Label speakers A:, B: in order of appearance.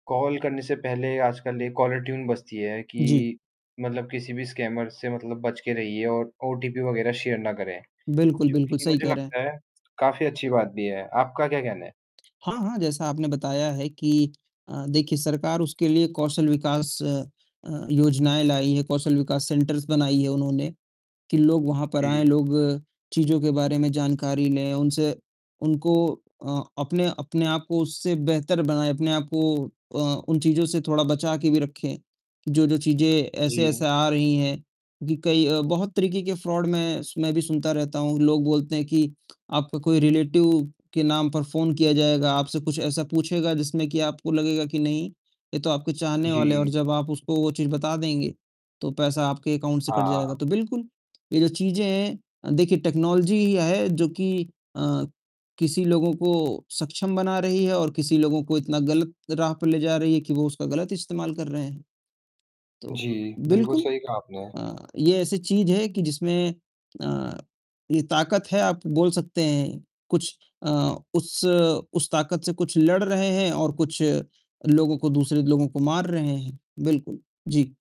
A: Call करने से पहले आजकल 1 कॉलर ट्यून बजती है
B: जी।
A: कि मतलब किसी भी स्कैमर से मतलब बच के रहिए और ओटीपी वग़ैरह शेयर ना करें।
B: बिल्कुल,
A: जो
B: बिल्कुल,
A: कि
B: सही
A: मुझे
B: कह रहे हैं।
A: लगता है काफ़ी अच्छी बात भी है। आपका क्या कहना है?
B: हाँ, हाँ, जैसा आपने बताया है कि अ, देखिए सरकार उसके लिए कौशल विकास अ अ, योजनाएँ लाई है, कौशल विकास सेंटर्स बनाई है उन्होंने, कि लोग वहाँ पर आएँ,
A: जी।
B: चीज़ों के बारे में जानकारी लें उनसे उनको अ, अपने अपने आप को उससे बेहतर बनाएँ, अपने आप को अ, उन चीज़ों से थोड़ा बचाके भी रखें, जो-जो चीज़ें ऐसे-ऐसे
A: जी।
B: आ रही हैं कि कई बहुत तरीके के फ्रॉड मैं स मैं भी सुनता रहता हूँ। लोग बोलते हैं कि आपका कोई रिलेटिव के नाम पर फ़ोन किया जाएगा, आपसे कुछ ऐसा पूछेगा जिसमें कि आपको लगेगा कि नहीं, ये तो आपके चाहने वाले हैं और
A: जी।
B: जब आप उसको वो चीज़ बता देंगे तो पैसा आपके अकाउंट से कट जाएगा।
A: हाँ।
B: तो बिल्कुल ये जो चीज़ें हैं, देखिए टेक्नोलॉज़ी ही है जो कि अ, किसी लोगों को सक्षम बना रही है और किसी लोगों को इतना गलत राह पर ले जा रही है कि वो उसका गलत इस्तेमाल कर रहे हैं। तो
A: जी, बिल्कुल
B: बिल्कुल
A: सही कहा आपने।
B: अ, ये ऐसी चीज़ है कि जिसमें अ, ये ताकत है आप बोल सकते हैं कुछ अ, उस उस ताकत से कुछ लड़ रहे हैं और कुछ लोगों को दूसरे लोगों को मार रहे हैं। बिल्कुल, जी।